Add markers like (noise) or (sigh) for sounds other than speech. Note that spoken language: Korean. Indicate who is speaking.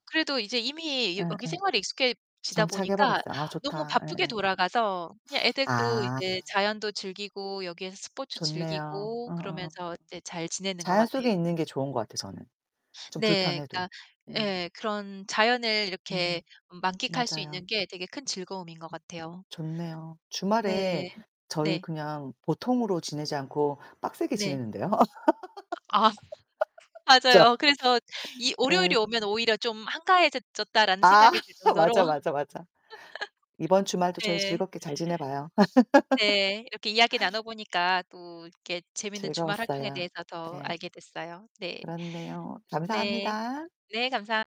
Speaker 1: 그래도 이제 이미 여 여기
Speaker 2: 예예.
Speaker 1: 생활에 익숙해지다 보니까
Speaker 2: 정착해버렸어요. 아
Speaker 1: 너무
Speaker 2: 좋다.
Speaker 1: 바쁘게
Speaker 2: 예예.
Speaker 1: 돌아가서 그냥 애들도
Speaker 2: 아.
Speaker 1: 이제 자연도 즐기고 여기에서 스포츠
Speaker 2: 좋네요.
Speaker 1: 즐기고
Speaker 2: 어어어.
Speaker 1: 그러면서 이제 잘 지내는 것
Speaker 2: 자연
Speaker 1: 같아요.
Speaker 2: 속에 있는 게 좋은 거 같아요 저는, 좀
Speaker 1: 네,
Speaker 2: 불편해도.
Speaker 1: 그러니까
Speaker 2: 음.
Speaker 1: 예 그런 자연을
Speaker 2: 음
Speaker 1: 이렇게 음 만끽할 수 있는
Speaker 2: 맞아요.
Speaker 1: 게 되게 큰 즐거움인 것
Speaker 2: 음
Speaker 1: 같아요.
Speaker 2: 좋네요. 주말에
Speaker 1: 네.
Speaker 2: 저희
Speaker 1: 네.
Speaker 2: 그냥 보통으로 지내지 않고 빡세게
Speaker 1: 네.
Speaker 2: 지내는데요.
Speaker 1: 아.
Speaker 2: (laughs) 그쵸.
Speaker 1: 맞아요. 그래서 이 월요일이
Speaker 2: 예.
Speaker 1: 오면 오히려 좀 '한가해졌 졌다.'라는
Speaker 2: 아
Speaker 1: 생각이 들
Speaker 2: (laughs)
Speaker 1: 정도로
Speaker 2: 맞아,
Speaker 1: (laughs)
Speaker 2: 맞아, 맞아. 이번 주말도 저희
Speaker 1: 네.
Speaker 2: 즐겁게 잘 지내봐요.
Speaker 1: 네, 이렇게 이야기
Speaker 2: (laughs)
Speaker 1: 나눠보니까 또 이렇게 재밌는 주말 활동에
Speaker 2: 즐거웠어요.
Speaker 1: 대해서 더
Speaker 2: 네.
Speaker 1: 알게 됐어요. 네.
Speaker 2: 그렇네요.
Speaker 1: 네.
Speaker 2: 감사합니다.
Speaker 1: 네 감사합